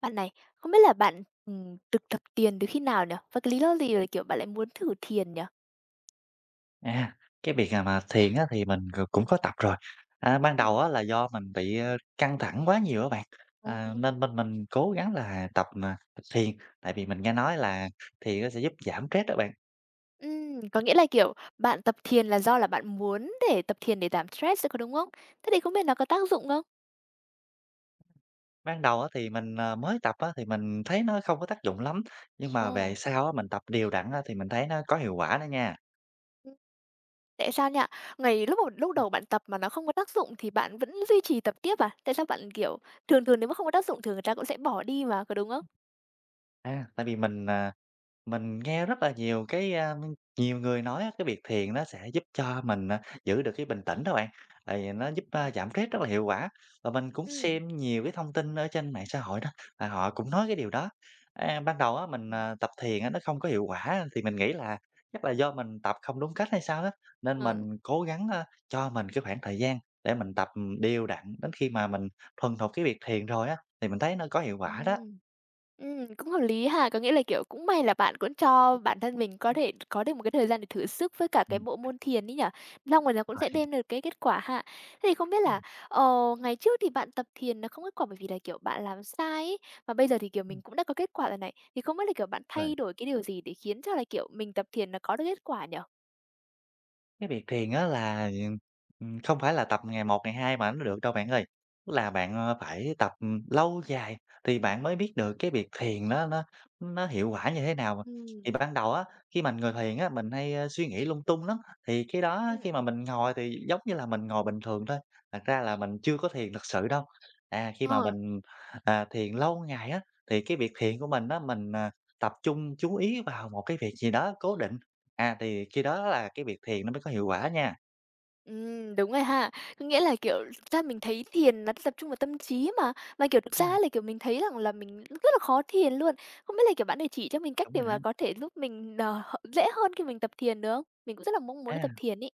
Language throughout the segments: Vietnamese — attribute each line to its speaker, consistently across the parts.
Speaker 1: Bạn này, không biết là bạn, ừm, thực tập thiền từ khi nào nhỉ? Và cái lý do gì, à, kiểu, bạn lại muốn thử thiền nhỉ?
Speaker 2: À, cái việc, à, mà thiền á thì mình c cũng có tập rồi. A, ban
Speaker 1: Ừm.
Speaker 2: đầu á là do mình bị căng thẳng quá nhiều á bạn, ờ,
Speaker 1: Ồ.
Speaker 2: nên nên mình cố gắng là tập, à, thiền, tại vì mình nghe nói là thiền nó sẽ giúp giảm stress đó bạn.
Speaker 1: Ừm, có nghĩa là, kiểu, bạn tập thiền là do là bạn muốn để tập thiền để giảm stress, có đúng không? Thế thì không biết nó có tác dụng không?
Speaker 2: Ban đầu á thì mình, à, mới tập á thì mình thấy nó không có tác dụng lắm, nhưng mà
Speaker 1: Ồ.
Speaker 2: về sau á mình tập đều đặn á thì mình thấy nó có hiệu quả đó nha.
Speaker 1: Tại sao nha, ngày lúc mà lúc đầu lúc
Speaker 2: Ừm.
Speaker 1: đầu bạn tập mà nó không có tác dụng thì bạn vẫn duy trì tập tiếp à? Tại sao bạn, kiểu, thường thường nếu mà không có tác dụng thì người ta cũng sẽ bỏ đi mà, có đúng không?
Speaker 2: Ừm. A, tại vì mình, à, mình nghe rất là nhiều cái, a, nhiều người nói á, cái việc thiền nó sẽ giúp cho mình, à, giữ được cái bình tĩnh đó bạn, tại vì nó
Speaker 1: Ưm,
Speaker 2: giúp, a,
Speaker 1: ừm.
Speaker 2: giảm stress rất là hiệu quả. Và mình cũng
Speaker 1: Ừm.
Speaker 2: xem nhiều cái thông tin ở trên mạng xã hội đó, và họ cũng nói cái điều đó. A, ban đầu á, mình,
Speaker 1: Ừm.
Speaker 2: à, tập thiền nó không có hiệu quả thì mình nghĩ là chắc là do mình tập không đúng cách hay sao á. Nên mình
Speaker 1: Ừ.
Speaker 2: cố gắng, a, cho mình cái khoảng thời gian để mình tập đều đặn đến khi mà mình thuần thục cái việc thiền rồi á thì mình thấy nó có hiệu quả đó.
Speaker 1: Ừm. Ừm, cũng hợp lý ha. Có nghĩa là, kiểu, cũng may là bạn cũng cho bản thân mình có thể có được một cái thời gian để thử sức với cả cái
Speaker 2: Ừm.
Speaker 1: bộ môn thiền ấy nhỉ, xong rồi nó cũng
Speaker 2: Uầy.
Speaker 1: sẽ đem được cái kết quả ha. Thế thì không biết là,
Speaker 2: Ừm.
Speaker 1: ờ, ngày trước thì bạn tập thiền nó không kết quả bởi vì là, kiểu, bạn làm sai ấy, và bây giờ thì, kiểu, mình
Speaker 2: Ừm.
Speaker 1: cũng đã có kết quả rồi này, thì không biết là, kiểu, bạn
Speaker 2: Vâng.
Speaker 1: thay đổi cái điều gì để khiến cho là, kiểu, mình tập thiền nó có được kết quả nhỉ?
Speaker 2: Cái việc thiền á, ừm, là, ừm, không phải là tập ngày một ngày hai mà nó được đâu bạn ơi, tức là bạn, à, phải tập lâu dài thì bạn mới biết được cái việc thiền nó nó nó hiệu quả như thế nào mà.
Speaker 1: Ừm.
Speaker 2: Thì ban đầu á, khi mà người thiền á, mình hay suy nghĩ lung tung lắm, thì cái đó á, khi
Speaker 1: Ừm.
Speaker 2: mà mình ngồi thì giống như là mình ngồi bình thường thôi, thật ra là mình chưa có thiền thực sự đâu. À, khi mà
Speaker 1: Ờ.
Speaker 2: mình, à, thiền lâu ngày á, thì cái việc thiền của mình á, mình, à, tập trung chú ý vào một cái việc gì đó cố định, à, thì khi đó là cái việc thiền nó mới có hiệu quả nha.
Speaker 1: Ừm, đúng rồi ha. Có nghĩa là, kiểu, thực ra mình thấy thiền là tập trung vào tâm trí mà. Mà, kiểu, thực ra
Speaker 2: Ừm.
Speaker 1: là, kiểu, mình thấy rằng là mình rất là khó thiền luôn. Không biết là, kiểu, bạn để chỉ cho mình cách
Speaker 2: Đúng
Speaker 1: để
Speaker 2: rồi
Speaker 1: mà
Speaker 2: đó.
Speaker 1: có thể giúp mình, ờ, dễ hơn khi mình tập thiền được không? Mình cũng rất là mong muốn đi tập
Speaker 2: À!
Speaker 1: thiền ấy.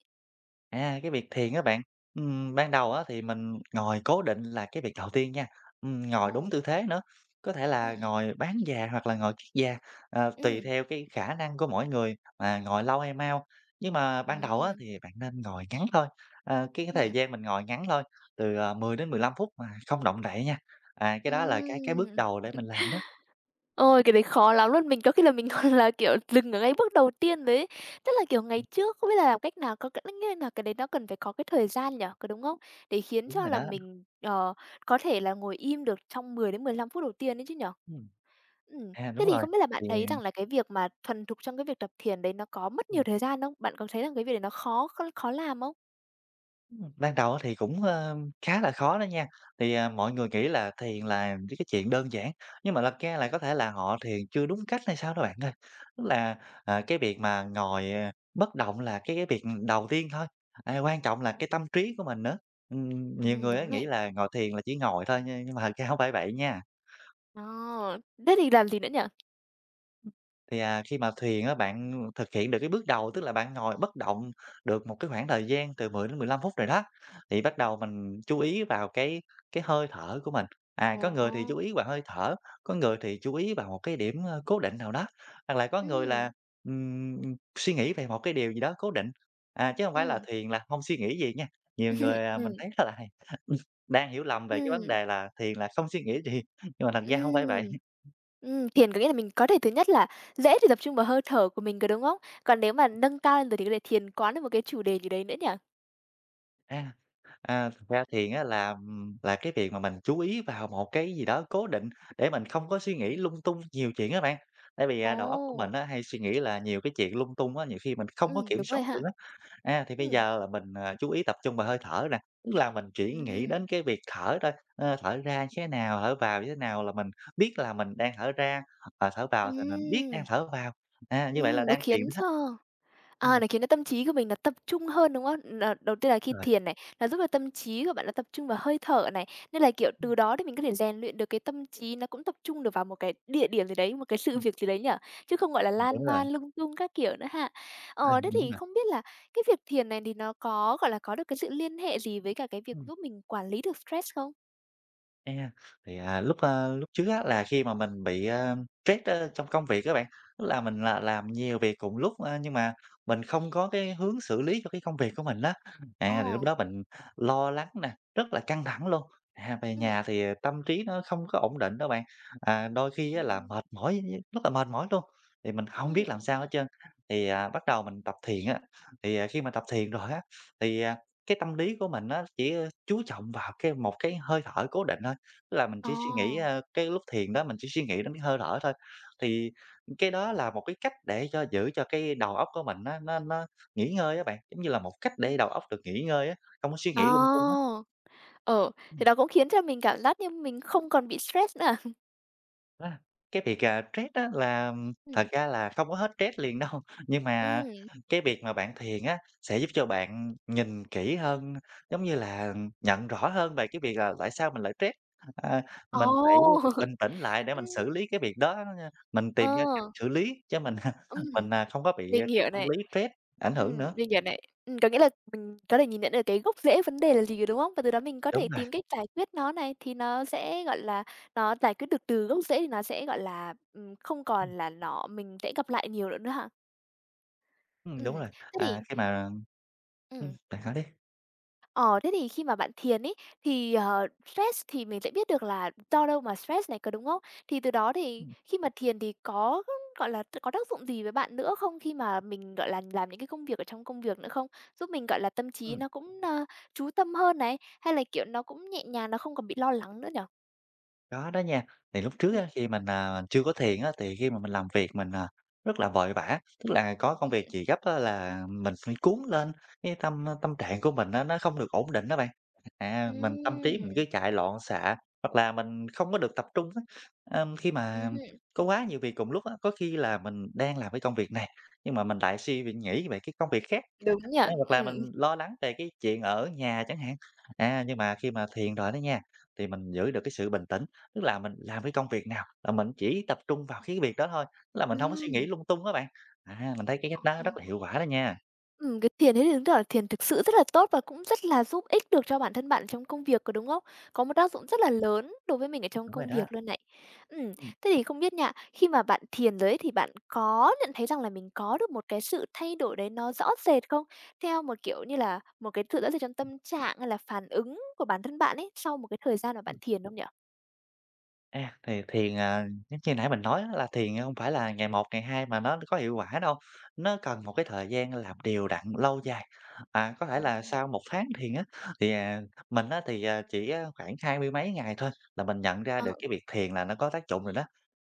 Speaker 2: À, cái việc thiền á bạn, ừm, ban đầu á thì mình ngồi cố định là cái việc đầu tiên nha, ừm, ngồi
Speaker 1: Ồ.
Speaker 2: đúng tư thế nữa, có thể là
Speaker 1: Ừm.
Speaker 2: ngồi bán già hoặc là ngồi kiết già, ờ, tùy
Speaker 1: Ừm.
Speaker 2: theo cái khả năng của mỗi người mà ngồi lâu hay mau. Nhưng mà ban đầu á
Speaker 1: Ừm.
Speaker 2: thì bạn nên ngồi ngắn thôi, ờ, cái cái thời
Speaker 1: Ừm.
Speaker 2: gian mình ngồi ngắn thôi, từ, ờ, 10-15 phút mà không động đậy nha, à,
Speaker 1: Ừm!
Speaker 2: cái đó là cái cái bước đầu để mình làm đó.
Speaker 1: Ôi, cái đấy khó lắm luôn, mình có khi là mình là, kiểu, dừng ở ngay bước đầu tiên rồi ấy. Tức là, kiểu, ngày trước không biết là làm cách nào có nghĩa là cái đấy nó cần phải có cái thời gian nhỉ, có đúng không? Để khiến
Speaker 2: Đúng
Speaker 1: cho
Speaker 2: rồi
Speaker 1: là
Speaker 2: đó.
Speaker 1: mình, ờ, có thể là ngồi im được trong 10-15 phút đầu tiên ấy chứ nhỉ?
Speaker 2: Ừm.
Speaker 1: Ừm,
Speaker 2: À,
Speaker 1: thế
Speaker 2: đúng
Speaker 1: thì
Speaker 2: rồi,
Speaker 1: không biết là bạn
Speaker 2: thì
Speaker 1: thấy rằng là cái việc mà thuần thục trong cái việc tập thiền đấy nó có mất nhiều
Speaker 2: Ừm.
Speaker 1: thời gian không? Bạn có thấy rằng cái việc đấy nó khó kh khó làm không?
Speaker 2: Ừm, ban đầu á thì cũng, ơ, khá là khó đó nha. Thì, à, mọi người nghĩ là thiền là những cái chuyện đơn giản, nhưng mà thật ra là có thể là họ thiền chưa đúng cách hay sao đó bạn ơi. Tức là, à, cái việc mà ngồi, à, bất động là cái việc đầu tiên thôi, a, quan trọng là cái tâm trí của mình nữa. Ừm, nhiều
Speaker 1: Ừm,
Speaker 2: người
Speaker 1: đúng
Speaker 2: nghĩ
Speaker 1: này.
Speaker 2: là ngồi thiền là chỉ ngồi thôi, nh nhưng mà thật ra hổng phải vậy nha.
Speaker 1: À. Thế thì làm gì nữa nhỉ?
Speaker 2: Thì, à, khi mà thiền á, bạn, à, thực hiện được cái bước đầu, tức là bạn ngồi bất động được một cái khoảng thời gian từ 10-15 phút rồi đó, thì
Speaker 1: Ừ,
Speaker 2: bắt
Speaker 1: ừm.
Speaker 2: đầu mình chú ý vào cái cái hơi thở của mình. À, có người thì chú
Speaker 1: Ồ!
Speaker 2: ý vào hơi thở, có người thì chú ý vào một cái điểm, ơ, cố định nào đó, hoặc là có người
Speaker 1: Ừm.
Speaker 2: là, ừm, suy nghĩ về một cái điều gì đó cố định, à chứ hông phải là
Speaker 1: Ừm.
Speaker 2: thiền là không suy nghĩ gì nha. Nhiều người mình
Speaker 1: Ừm.
Speaker 2: thấy rất là hay ừm, đang hiểu lầm về cái vấn
Speaker 1: Ừm.
Speaker 2: đề là thiền là không suy nghĩ gì, nhưng mà thật ra hông phải
Speaker 1: Ừm.
Speaker 2: vậy.
Speaker 1: Ừm, thiền có nghĩa là mình có thể thứ nhất là dễ để tập trung vào hơi thở của mình, có đúng không? Còn nếu mà nâng cao rồi thì có thể thiền quán được một cái chủ đề gì đấy nữa nhỉ?
Speaker 2: A. À, thực ra thiền á là là cái việc mà mình chú ý vào một cái gì đó cố định để mình không có suy nghĩ
Speaker 1: Ừm.
Speaker 2: lung tung nhiều chuyện á bạn, tại vì, à, đầu óc của mình
Speaker 1: Ồ!
Speaker 2: hay suy nghĩ là nhiều cái chuyện lung tung á, nhiều khi mình không có
Speaker 1: Ừm,
Speaker 2: kiểm
Speaker 1: đúng
Speaker 2: soát
Speaker 1: rồi
Speaker 2: được
Speaker 1: ha.
Speaker 2: á. A, thì bây
Speaker 1: Ừm.
Speaker 2: giờ là mình chú ý tập trung vào hơi thở nè, tức là mình chỉ nghĩ
Speaker 1: Ừm.
Speaker 2: đến cái việc thở thôi, ơ, thở ra như thế nào, thở vào như thế nào là mình biết là mình đang thở ra, và thở vào thì mình biết đang
Speaker 1: Ừm.
Speaker 2: thở vào, a, như vậy là
Speaker 1: Ừm, nó
Speaker 2: đang thiền
Speaker 1: khiến
Speaker 2: đó.
Speaker 1: cho, à,
Speaker 2: Ừm.
Speaker 1: nó khiến cho tâm trí của mình nó tập trung hơn, đúng không? Đ Đầu tiên là khi
Speaker 2: Rồi.
Speaker 1: thiền này, nó giúp cho tâm trí của bạn nó tập trung vào hơi thở này, nên là, kiểu, từ
Speaker 2: Ừm.
Speaker 1: đó thì mình có thể rèn luyện được cái tâm trí nó cũng tập trung được vào một cái địa điểm gì đấy, một cái sự
Speaker 2: Ừm.
Speaker 1: việc gì đấy nhỉ, chứ không, gọi là,
Speaker 2: Ừm, đúng
Speaker 1: lan
Speaker 2: rồi.
Speaker 1: man lung tung các kiểu nữa ha.
Speaker 2: Ừ,
Speaker 1: Ờ, thế
Speaker 2: đúng
Speaker 1: thì
Speaker 2: rồi.
Speaker 1: không biết là cái việc thiền này thì nó có, gọi là, có được cái sự liên hệ gì với cả cái việc
Speaker 2: Ừm.
Speaker 1: giúp mình quản lý được stress không?
Speaker 2: Đây nha, thì, à, lúc, a, lúc trước á là khi mà mình bị, ưm, stress á trong công việc á bạn, tức là mình là làm nhiều việc cùng lúc, a, nhưng mà mình không có cái hướng xử lý cho cái công việc của mình á. À, thì lúc
Speaker 1: Ồ.
Speaker 2: đó mình lo lắng nè, rất là căng thẳng luôn, à, về nhà
Speaker 1: Ừm.
Speaker 2: thì, ờ, tâm trí nó không có ổn định đâu bạn, à, đôi khi á là
Speaker 1: Ừm.
Speaker 2: mệt mỏi, [unintelligible] rất là mệt mỏi luôn, thì mình không biết
Speaker 1: Ừm.
Speaker 2: làm sao hết trơn. Thì, à, bắt đầu mình tập thiền á, thì, à, khi mà tập thiền rồi á, thì, à, cái tâm lý của mình nó chỉ, ơ, chú trọng vào cái một cái hơi thở cố định thôi, tức là mình chỉ suy nghĩ,
Speaker 1: Ồ!
Speaker 2: a, cái lúc thiền đó mình chỉ suy nghĩ đến cái hơi thở thôi. Thì cái đó là một cái cách để cho giữ cho cái đầu óc của mình nó nó nó nghỉ ngơi á bạn, giống như là một cách để
Speaker 1: Ừm.
Speaker 2: đầu óc được nghỉ ngơi á, không có suy
Speaker 1: À,
Speaker 2: nghĩ lung tung á.
Speaker 1: ừ, thì
Speaker 2: Ừm.
Speaker 1: đó cũng khiến cho mình cảm giác như mình không còn bị stress nữa à?
Speaker 2: A, cái việc, à, stress á là, ừm, thật
Speaker 1: Ừm.
Speaker 2: ra là không có hết stress liền đâu, nhưng mà
Speaker 1: Ừm.
Speaker 2: cái việc mà bạn thiền á sẽ giúp cho bạn nhìn kỹ hơn, giống như là nhận rõ hơn về cái việc là tại sao mình lại stress. H a, mình
Speaker 1: Ồ!
Speaker 2: phải bình tĩnh lại để mình xử
Speaker 1: Ưm.
Speaker 2: lý cái việc đó đó nha, mình
Speaker 1: Ờ.
Speaker 2: tìm ra cách xử lý chứ mình
Speaker 1: Ừm,
Speaker 2: mình, ờ, không có bị
Speaker 1: mình
Speaker 2: cái
Speaker 1: hiểu
Speaker 2: tâm
Speaker 1: này,
Speaker 2: lý stress ảnh hưởng
Speaker 1: ừm,
Speaker 2: nữa.
Speaker 1: mình hiểu này. Ừm, có nghĩa là mình có thể nhìn nhận ra được cái gốc rễ vấn đề là gì rồi, đúng không? Và từ đó mình có thể
Speaker 2: Đúng rồi.
Speaker 1: tìm cách giải quyết nó này, thì nó sẽ, gọi là, nó giải quyết được từ gốc rễ thì nó sẽ, gọi là, ừm, không
Speaker 2: Ừm.
Speaker 1: còn là nó mình sẽ gặp lại nhiều lận nữa ha.
Speaker 2: Ừm, đúng
Speaker 1: Ừm,
Speaker 2: rồi,
Speaker 1: thế
Speaker 2: à,
Speaker 1: thì
Speaker 2: khi mà ừm,
Speaker 1: Ừm.
Speaker 2: bạn nói đi.
Speaker 1: Ờ, thế thì khi mà bạn thiền ấy thì, ờ, stress thì mình sẽ biết được là do đâu mà stress này, có đúng không? Thì từ đó thì
Speaker 2: Ừm.
Speaker 1: khi mà thiền thì có, gọi là, có tác dụng gì với bạn nữa không khi mà mình, gọi là, làm những cái công việc ở trong công việc nữa không, giúp mình gọi là tâm trí
Speaker 2: Ừm.
Speaker 1: nó cũng, ơ, chú tâm hơn này, hay là, kiểu, nó cũng nhẹ nhàng, nó không còn bị lo lắng nữa nhỉ?
Speaker 2: Có đó nha. Thì lúc
Speaker 1: Ừm.
Speaker 2: trước khi mình, à, chưa có thiền á, thì khi mà mình làm việc mình à rất là vội vã, tức là có công
Speaker 1: Ừm.
Speaker 2: việc gì gấp á là mình phải cuốn lên, cái tâm tâm trạng của mình nó không được ổn định á bạn. À, mình tâm trí mình cứ
Speaker 1: Ừm!
Speaker 2: chạy loạn xạ, hoặc là mình không có được tập trung á. Ưm, khi
Speaker 1: Ừm
Speaker 2: mà
Speaker 1: hưm.
Speaker 2: có quá nhiều việc cùng một lúc á, có khi là mình đang làm cái công việc này, nhưng mà mình lại suy nghĩ về cái công việc khác,
Speaker 1: Đúng nhỉ,
Speaker 2: a, hoặc là
Speaker 1: ừm.
Speaker 2: mình lo lắng về cái chuyện ở nhà chẳng hạn. À, nhưng mà khi mà thiền rồi đó nha, thì mình giữ được cái sự bình tĩnh, tức là mình làm cái công việc nào là mình chỉ tập trung vào cái việc đó thôi, tức là mình hông có suy nghĩ
Speaker 1: Ừm.
Speaker 2: lung tung á bạn. À, mình thấy cái cách
Speaker 1: Ồ.
Speaker 2: đó rất là hiệu quả đó nha.
Speaker 1: Ừm, cái thiền ấy thì chứng tỏ thiền thực sự rất là tốt và cũng rất là giúp ích được cho bản thân bạn trong công việc, có đúng không? Có một tác dụng rất là lớn đối với mình ở trong
Speaker 2: Đúng rồi
Speaker 1: công
Speaker 2: đó.
Speaker 1: việc luôn này. Ừm,
Speaker 2: Ừm.
Speaker 1: thế thì không biết nha, khi mà bạn thiền rồi ấy thì bạn có nhận thấy rằng là mình có được một cái sự thay đổi đấy nó rõ rệt không? Theo một, kiểu như là, một cái sự rõ rệt trong tâm trạng, hay là phản ứng của bản thân bạn ấy sau một cái thời gian mà bạn
Speaker 2: Ừm.
Speaker 1: thiền không nhỉ?
Speaker 2: À, thì thiền à, giống như nãy mình nói á là thiền, a, hông phải là ngày một, ngày hai mà nó có hiệu quả đâu. Nó cần một cái thời gian làm đều đặn lâu dài, bạn có thể
Speaker 1: Ừm,
Speaker 2: là
Speaker 1: ừm.
Speaker 2: sau 1 tháng thiền á, thì, à mình á thì, à, chỉ, a, khoảng hai mươi mấy ngày thôi là mình nhận ra
Speaker 1: Ờ.
Speaker 2: được cái việc thiền là nó có tác dụng rồi đó.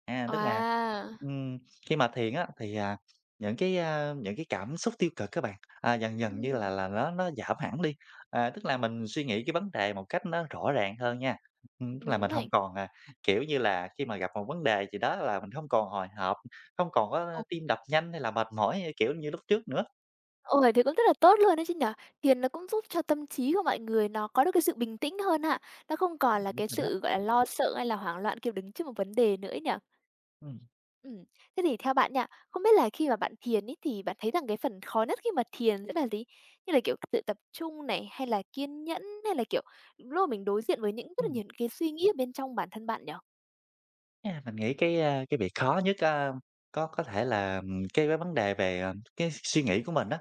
Speaker 2: À, tức là,
Speaker 1: À!
Speaker 2: ừm, khi mà thiền á thì, à, những cái, a, những cái cảm xúc tiêu cực á bạn, à, dần dần như
Speaker 1: Ừm.
Speaker 2: là là nó nó giảm hẳn đi, ờ, tức là mình suy nghĩ cái vấn đề một cách nó rõ ràng hơn nha, ừ, tức là
Speaker 1: Đúng
Speaker 2: mình
Speaker 1: này.
Speaker 2: hông còn, à kiểu như là, khi mà gặp một vấn đề gì đó là mình hông còn hồi hộp, hông còn có
Speaker 1: Ồ.
Speaker 2: tim đập nhanh hay là mệt mỏi kiểu như lúc trước nữa.
Speaker 1: Ôi, thế cũng rất là tốt luôn ấy chứ nhỉ? Thiền nó cũng giúp cho tâm trí của mọi người nó có được cái sự bình tĩnh hơn ha. Nó không còn là
Speaker 2: [unintelligible]
Speaker 1: cái
Speaker 2: Rồi đó.
Speaker 1: sự, gọi là, lo sợ hay là hoảng loạn kiểu đứng trước một vấn đề nữa ấy nhỉ?
Speaker 2: Ừm.
Speaker 1: Ừm, thế thì theo bạn nha, không biết là khi mà bạn thiền ấy thì bạn thấy rằng cái phần khó nhất khi mà thiền sẽ là gì? Như là, kiểu, tự tập trung này hay là kiên nhẫn hay là, kiểu, những lúc mà mình đối diện với những rất là
Speaker 2: Ừm.
Speaker 1: nhiều những cái suy nghĩ ở bên trong bản thân bạn nhỉ?
Speaker 2: À, mình nghĩ cái, a, cái việc khó nhất á có có thể là, ừm, cái vấn vấn đề về, à, cái suy nghĩ của mình á,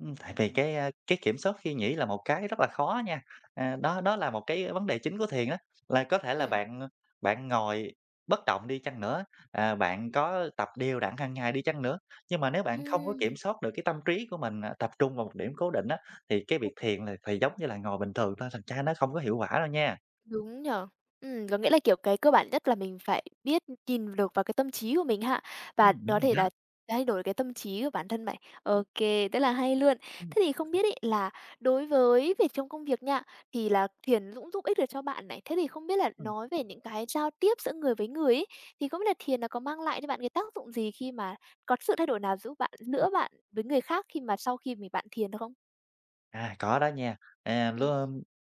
Speaker 2: ừm, tại vì cái, a, cái kiểm soát suy nghĩ là một cái rất là khó nha. Ờ, đó, đó là một cái vấn đề chính của thiền á, là có thể là
Speaker 1: Ừm.
Speaker 2: bạn, a, bạn ngồi bất động đi chăng nữa, ờ, bạn có tập đều đặn hàng ngày đi chăng nữa, nhưng mà nếu bạn không có kiểm
Speaker 1: Ừm.
Speaker 2: soát được cái tâm trí của mình, à, tập trung vào một điểm cố định á, thì cái việc thiền là thì giống như là ngồi bình thường thôi, thành ra nó không có hiệu quả đâu nha.
Speaker 1: Đúng nhỉ! Ừm, có nghĩa là, kiểu, cái cơ bản nhất là mình phải biết nhìn được vào cái tâm trí của mình ha và
Speaker 2: Ừm, đúng
Speaker 1: có
Speaker 2: rồi
Speaker 1: thể
Speaker 2: đó.
Speaker 1: là thay đổi cái tâm trí của bản thân này. Ô kê, rất là hay luôn.
Speaker 2: Ừm.
Speaker 1: Thế thì không biết ấy là đối với việc trong công việc nha, thì là thiền cũng giúp ích được cho bạn này, thế thì không biết là
Speaker 2: Ừm.
Speaker 1: nói về những cái giao tiếp giữa người với người ấy, thì không biết là thiền nó có mang lại cho bạn cái tác dụng gì khi mà có sự thay đổi nào giúp bạn
Speaker 2: Ừm.
Speaker 1: nữa bạn với người khác khi mà sau khi mình bạn thiền được không?
Speaker 2: À, có đó nha. À, l
Speaker 1: Ừm.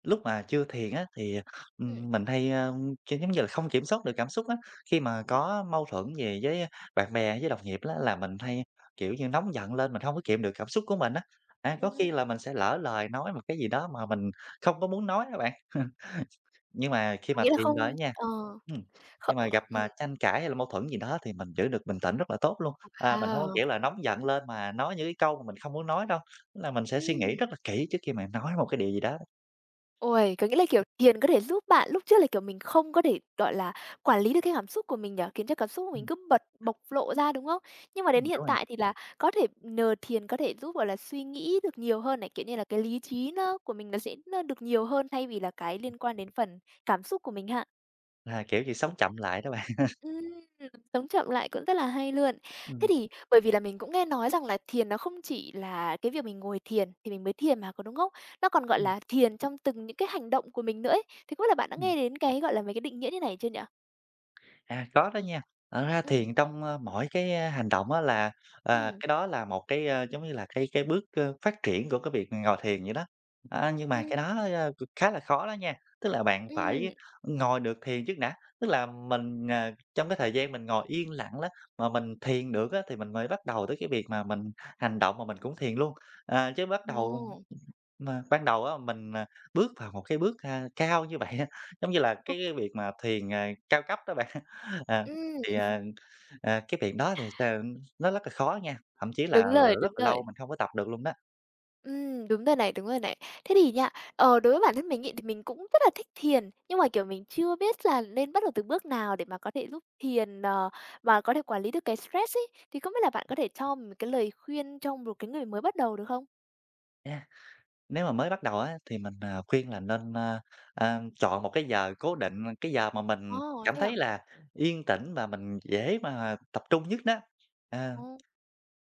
Speaker 2: lúc mà chưa thiền á thì,
Speaker 1: Ừm.
Speaker 2: ừm, mình hay, a, kiểu, giống như là, không kiểm soát được cảm xúc á, khi mà có mâu thuẫn gì với bạn bè với đồng nghiệp á là mình hay, kiểu như, nóng giận lên, mình hông có kìm được cảm xúc của mình á, a, có
Speaker 1: Ừm.
Speaker 2: khi là mình sẽ lỡ lời nói một cái gì đó mà mình không có muốn nói á bạn. Nhưng mà khi
Speaker 1: Có
Speaker 2: mà
Speaker 1: nghĩa là
Speaker 2: thiền rồi á
Speaker 1: không
Speaker 2: nha,
Speaker 1: ờ.
Speaker 2: ừm, khi
Speaker 1: Không
Speaker 2: mà gặp
Speaker 1: ừm.
Speaker 2: mà tranh cãi hay là mâu thuẫn gì đó thì mình giữ được bình tĩnh rất là tốt luôn. Ờ, mình hông có,
Speaker 1: Wow!
Speaker 2: kiểu là, nóng giận lên mà nói những cái câu mà mình không muốn nói đâu, tức là mình sẽ suy nghĩ
Speaker 1: Ừm.
Speaker 2: rất là kỹ trước khi mà nói một cái điều gì đó.
Speaker 1: Ôi, có nghĩa là, kiểu, thiền có thể giúp bạn lúc trước là, kiểu, mình không có thể, gọi là, quản lý được cái cảm xúc của mình nhỉ, khiến cho cảm xúc của mình
Speaker 2: Ừm.
Speaker 1: cứ bật bộc lộ ra, đúng không? Nhưng mà đến
Speaker 2: Ừm,
Speaker 1: hiện
Speaker 2: đúng rồi.
Speaker 1: tại thì là có thể nhờ thiền có thể giúp, gọi là, suy nghĩ được nhiều hơn này, kiểu như là, cái lý trí nó của mình nó sẽ được nhiều hơn thay vì là cái liên quan đến phần cảm xúc của mình ha.
Speaker 2: À, kiểu như sống chậm lại đó bạn.
Speaker 1: Ừm, sống chậm lại cũng rất là hay luôn. Thế
Speaker 2: Ừm.
Speaker 1: thì bởi vì là mình cũng nghe nói rằng là thiền nó không chỉ là cái việc mình ngồi thiền thì mình mới thiền mà, có đúng không? Nó còn, gọi
Speaker 2: Ừm.
Speaker 1: là, thiền trong từng những cái hành động của mình nữa ấy. Thì không biết là bạn đã
Speaker 2: Ừm.
Speaker 1: nghe đến cái, gọi là, mấy cái định nghĩa như thế này chưa nhỉ?
Speaker 2: À, có đó nha, thật ra
Speaker 1: Ừm.
Speaker 2: thiền trong, ơ, mỗi cái hành động á là, à,
Speaker 1: Ừm.
Speaker 2: cái đó là một cái, ơ, giống như là, cái cái bước, ơ, phát triển của cái việc ngồi thiền vậy đó. A, nhưng mà
Speaker 1: Ừm.
Speaker 2: cái đó, a, c khá là khó đó nha, tức là bạn
Speaker 1: Ừm.
Speaker 2: phải ngồi được thiền trước đã, tức là mình, ờ, trong cái thời gian mình ngồi yên lặng ló mà mình thiền được á thì mình mới bắt đầu tới cái việc mà mình hành động mà mình cũng thiền luôn. À, chứ bắt đầu
Speaker 1: Ồ.
Speaker 2: mà ban đầu á mình, ờ, bước vào một cái bước, a, cao như vậy, giống như là c
Speaker 1: [unintelligible]
Speaker 2: cái việc mà thiền, à, cao cấp đó bạn, ờ,
Speaker 1: Ừm.
Speaker 2: thì, ờ, ờ, cái việc đó, ờm, nó rất là khó nha, thậm chí là
Speaker 1: Đúng rồi,
Speaker 2: rất
Speaker 1: đúng
Speaker 2: là lâu
Speaker 1: rồi.
Speaker 2: mình không có tập được luôn đó.
Speaker 1: Ừm, đúng rồi này, đúng rồi này. Thế thì nha, ờ, đối với bản thân mình ấy thì mình cũng rất là thích thiền, nhưng mà, kiểu, mình chưa biết là nên bắt đầu từ bước nào để mà có thể giúp thiền, ờ, và có thể quản lý được cái stress ấy, thì không biết là bạn có thể cho mì một cái lời khuyên cho một cái người mới bắt đầu được không?
Speaker 2: A, nếu mà mới bắt đầu á thì mình, ờ, khuyên là nên, ơ, ờ, chọn một cái giờ cố định, ơ, cái giờ mà mình
Speaker 1: Ồ,
Speaker 2: cảm
Speaker 1: thế à?
Speaker 2: thấy là yên tĩnh và mình dễ mà tập trung nhất đó, ờ,
Speaker 1: Ô,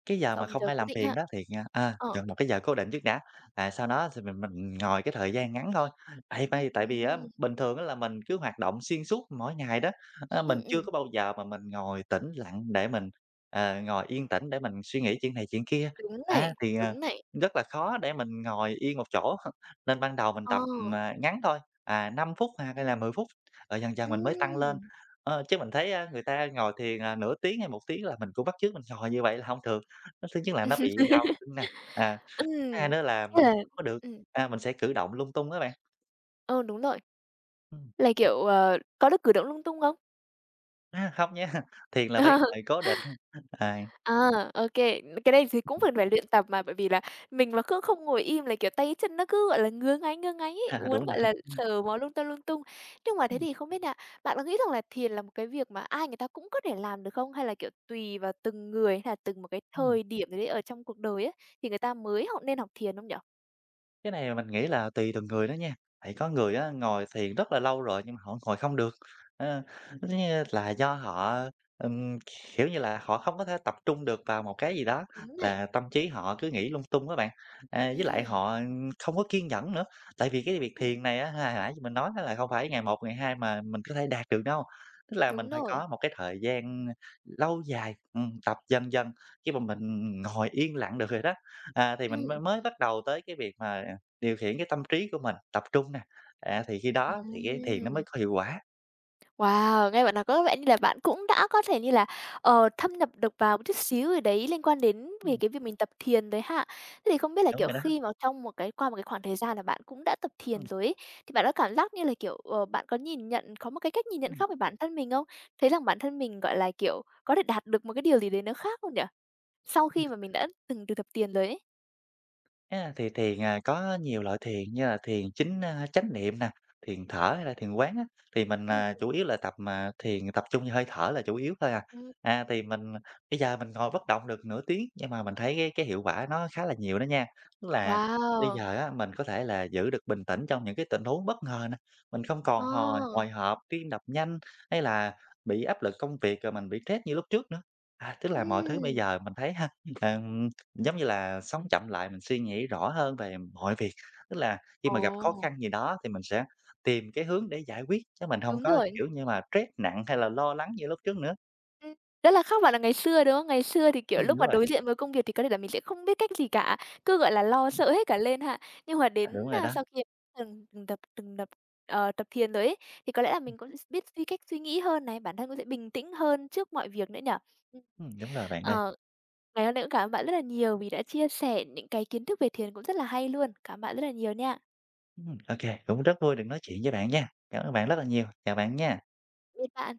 Speaker 2: cái giờ mà
Speaker 1: chọn một
Speaker 2: không
Speaker 1: giờ
Speaker 2: ai
Speaker 1: cố
Speaker 2: làm
Speaker 1: định
Speaker 2: phiền
Speaker 1: ha.
Speaker 2: đó thì, a, a,
Speaker 1: Ờ.
Speaker 2: chọn một cái giờ cố định trước đã, và sau đó thì mình mình ngồi cái thời gian ngắn thôi. Tại tai tại vì á
Speaker 1: Ừm.
Speaker 2: bình thường á là mình cứ hoạt động xuyên suốt mỗi ngày đó, a,
Speaker 1: Ừm,
Speaker 2: mình chưa
Speaker 1: ừm.
Speaker 2: có bao giờ mà mình ngồi tĩnh lặng để mình, ờ, ngồi yên tĩnh để mình suy nghĩ chuyện này chuyện kia,
Speaker 1: Đúng
Speaker 2: á,
Speaker 1: này,
Speaker 2: thì, à,
Speaker 1: đúng này.
Speaker 2: rất là khó để mình ngồi yên một chỗ h nên ban đầu mình
Speaker 1: Ờ.
Speaker 2: tập, ờ, ngắn thôi, à, 5 phút h hay là 10 phút, rồi dần dần mình mới tăng lên.
Speaker 1: Ừm.
Speaker 2: Ơ, chứ mình thấy á, người ta ngồi thiền, à, nửa tiếng hay một tiếng là mình cũng bắt chước mình ngồi như vậy là hông được, ơ, thứ nhất là nó bị đau, đúng hông nè? À, thứ hai
Speaker 1: Ừm.
Speaker 2: nữa là
Speaker 1: Nghĩa
Speaker 2: mình
Speaker 1: là
Speaker 2: có được,
Speaker 1: ừm.
Speaker 2: a, mình sẽ cử động lung tung á bạn.
Speaker 1: Ừ, đúng rồi.
Speaker 2: Ừm.
Speaker 1: Là, kiểu, ờ, có được cử động lung tung không?
Speaker 2: A, không nha, thiền là phải ngồi cố định, à.
Speaker 1: À, ô kê, t cái này thì cũng cần phải luyện tập mà, bởi vì là mình mà cứ không ngồi im là, kiểu, tay chân nó cứ, gọi là, ngứa ngáy ngứa ngáy ấy, muốn,
Speaker 2: Đúng rồi.
Speaker 1: gọi là, sờ mó lung ta lung tung. Nhưng mà thế
Speaker 2: Ừm.
Speaker 1: thì không biết nha, bạn có nghĩ rằng là thiền là một cái việc mà ai người ta cũng có thể làm được không, hay là, kiểu, tùy vào từng người, hay là từng một cái
Speaker 2: Ừm.
Speaker 1: thời điểm gì đấy ở trong cuộc đời ấy, thì người ta mới học nên học thiền không nhỉ?
Speaker 2: Cái này là mình nghĩ là tùy từng người đó nha, tại có người á ngồi thiền rất là lâu rồi nhưng mà họ ngồi không được, à, cứ kiểu như là, do họ, ừm, kiểu như là, họ không có thể tập trung được vào một cái gì đó,
Speaker 1: Đúng này.
Speaker 2: và tâm trí họ cứ nghĩ lung tung á bạn. À, với lại
Speaker 1: Ừm.
Speaker 2: họ không có kiên nhẫn nữa, tại vì cái việc
Speaker 1: Ừm.
Speaker 2: thiền này á, h hồi nãy như mình nói á là không phải ngày 1 ngày 2 mà mình có thể đạt được đâu, tức là mình
Speaker 1: Đúng
Speaker 2: phải
Speaker 1: rồi.
Speaker 2: có một cái thời gian, ơ, lâu dài, ừm, tập dần dần, khi mà mình ngồi yên lặng được rồi đó, à, thì mình mới
Speaker 1: Ừm.
Speaker 2: mới bắt đầu tới cái việc mà điều khiển cái tâm trí của mình tập trung nè, à, thì khi đó thì cái thiền nó mới
Speaker 1: Ừm.
Speaker 2: có hiệu quả.
Speaker 1: Wow, nghe bạn nói có vẻ như là bạn cũng đã có thể như là, ờ, thâm nhập được vào một chút xíu gì đấy liên quan đến về
Speaker 2: Ừm.
Speaker 1: cái việc mình tập thiền rồi ha? Thế thì không biết là,
Speaker 2: Đúng
Speaker 1: kiểu,
Speaker 2: rồi đó.
Speaker 1: khi mà trong một cái qua một cái khoảng thời gian là bạn cũng đã tập thiền
Speaker 2: Ừm.
Speaker 1: rồi ấy, thì bạn có cảm giác như là, kiểu, ờ, bạn có nhìn nhận có một cái cách nhìn nhận
Speaker 2: Ừm.
Speaker 1: khác về bản thân mình không? Thấy rằng bản thân mình, gọi là, kiểu, có thể đạt được một cái điều gì đấy nó khác không nhỉ? Sau khi mà mình đã từng thực tập tiền rồi ấy?
Speaker 2: À, thì thiền, ờ, có nhiều loại thiền, như là thiền chính, a, chánh niệm nè, thiền thở hay là thiền quán á, thì mình,
Speaker 1: Ừm,
Speaker 2: à,
Speaker 1: ừm.
Speaker 2: chủ yếu là tập, à, thiền, à, tập trung vô hơi thở là chủ yếu thôi à.
Speaker 1: Ừm.
Speaker 2: À, thì mình bây giờ mình ngồi bất động được nửa tiếng, nhưng mà mình thấy cái cái hiệu quả nó khá là nhiều đó nha. Tức là bây
Speaker 1: Wow!
Speaker 2: giờ á mình có thể là giữ được bình tĩnh trong những cái tình huống bất ngờ nữa, mình không còn hồi
Speaker 1: À!
Speaker 2: hồi hộp, tim đập nhanh hay là bị áp lực công việc, rồi mình bị stress như lúc trước nữa. À, tức là mọi thứ bây
Speaker 1: Ừm.
Speaker 2: giờ mình thấy ha, ừm, giống như là, sống chậm lại, mình suy nghĩ rõ hơn về mọi việc. Tức là khi mà gặp khó
Speaker 1: Ồ!
Speaker 2: khăn gì đó thì mình sẽ tìm cái hướng để giải quyết chứ mình hông
Speaker 1: Đúng
Speaker 2: có,
Speaker 1: rồi.
Speaker 2: kiểu như mà, stress nặng hay là lo lắng như lúc trước nữa.
Speaker 1: Ừm, rất là khác bạn là ngày xưa, đúng không? Ngày xưa thì, kiểu,
Speaker 2: Ừm,
Speaker 1: lúc
Speaker 2: đúng
Speaker 1: mà
Speaker 2: rồi.
Speaker 1: đối diện với công việc thì có thể là mình sẽ không biết cách gì cả, cứ, gọi là, lo sợ hết cả lên ha? Nhưng mà
Speaker 2: Ờ,
Speaker 1: đến,
Speaker 2: đúng rồi
Speaker 1: a,
Speaker 2: đó.
Speaker 1: sau khi từng từng tập từng đập ờ, tập thiền rồi ấy, thì có lẽ là mình cũng s biết suy cách suy nghĩ hơn này, bản thân cũng sẽ bình tĩnh hơn trước mọi việc nữa nhỉ?
Speaker 2: Ừm, đúng rồi bạn ơi.
Speaker 1: Ờ, ngày hôm nay cũng cảm ơn bạn rất là nhiều vì đã chia sẻ những cái kiến thức về thiền cũng rất là hay luôn, cảm ơn bạn rất là nhiều nha.
Speaker 2: Ừm, ô kê, cũng rất vui được nói chuyện với bạn nha, cảm ơn bạn rất là nhiều, chào bạn nha.
Speaker 1: Biệt bạn.